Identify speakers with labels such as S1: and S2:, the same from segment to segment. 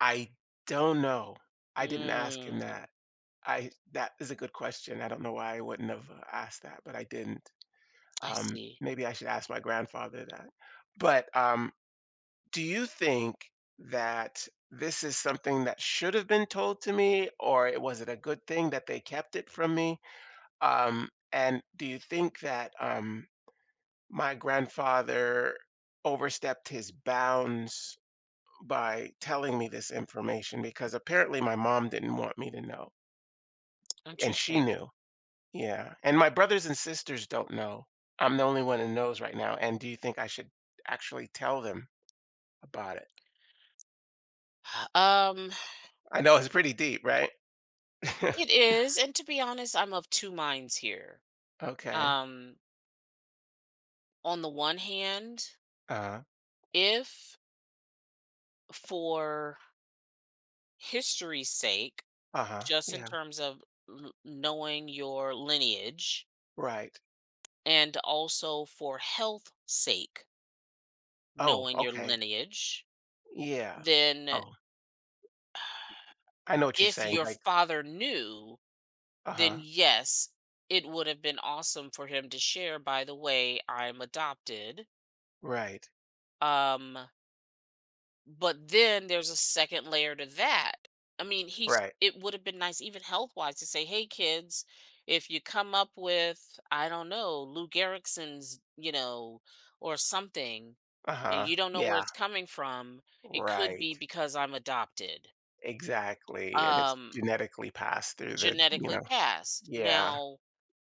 S1: I don't know, I didn't ask him
S2: Mm.
S1: that. I That is a good question, I don't know why I wouldn't have asked that, but I didn't.
S2: I
S1: Um,
S2: see.
S1: maybe I should ask my grandfather that. But, um, do you think that this is something that should have been told to me or it was it a good thing that they kept it from me, um, and, do you think that, um, my grandfather overstepped his bounds by telling me this information? Because apparently my mom didn't want me to know and she
S2: Interesting.
S1: knew. Yeah, and my brothers and sisters don't know. I'm the only one who knows right now, and do you think I should actually tell them about it?
S2: Hu um
S1: I know it's pretty deep, right?
S2: It is, and to be honest, I'm of 2 minds here.
S1: Okay.
S2: Um on the one hand
S1: Uh-huh.
S2: if for history's sake,
S1: Uh-huh,
S2: just in
S1: yeah.
S2: terms of l knowing your lineage
S1: Right.
S2: and also for health sake
S1: Oh,
S2: knowing your
S1: okay.
S2: lineage,
S1: Yeah.
S2: then
S1: Oh. I know what you're
S2: if
S1: saying,
S2: your
S1: like
S2: father knew, then
S1: Uh-huh.
S2: yes, it would have been awesome for him to share, "By the way, I'm adopted"
S1: Right.
S2: um but then there's a 2nd layer to that. I mean, he's
S1: Right.
S2: it would have been nice even health-wise to say, "Hey kids, if you come up with, I don't know, Lou Gehrig's, you know, or something, and
S1: Uh-huh,
S2: you don't know where
S1: yeah.
S2: it's coming from, it could be
S1: Right.
S2: because I'm adopted."
S1: Exactly, and it's
S2: Um
S1: genetically passed through the you
S2: Genetically
S1: know?
S2: passed.
S1: Yeah.
S2: Now,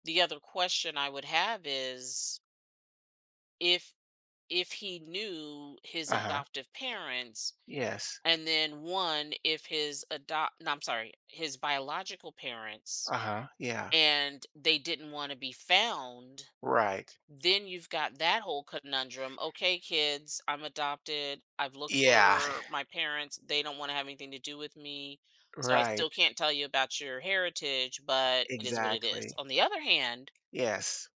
S2: the other question I would have is if if he knew his
S1: Uh-huh.
S2: adoptive parents,
S1: Yes.
S2: and then 1, if his adopt no, I'm sorry his biological parents,
S1: Uh-huh, yeah.
S2: and they didn't wanna be found,
S1: Right.
S2: then you've got that whole conundrum, "Okay, kids, I'm adopted, I've looked
S1: Yeah.
S2: for my parents; they don't wanna have anything to do with me, so I still
S1: Right.
S2: can't tell you about your heritage, but it is what it is."
S1: Exactly.
S2: On the other hand
S1: Yes.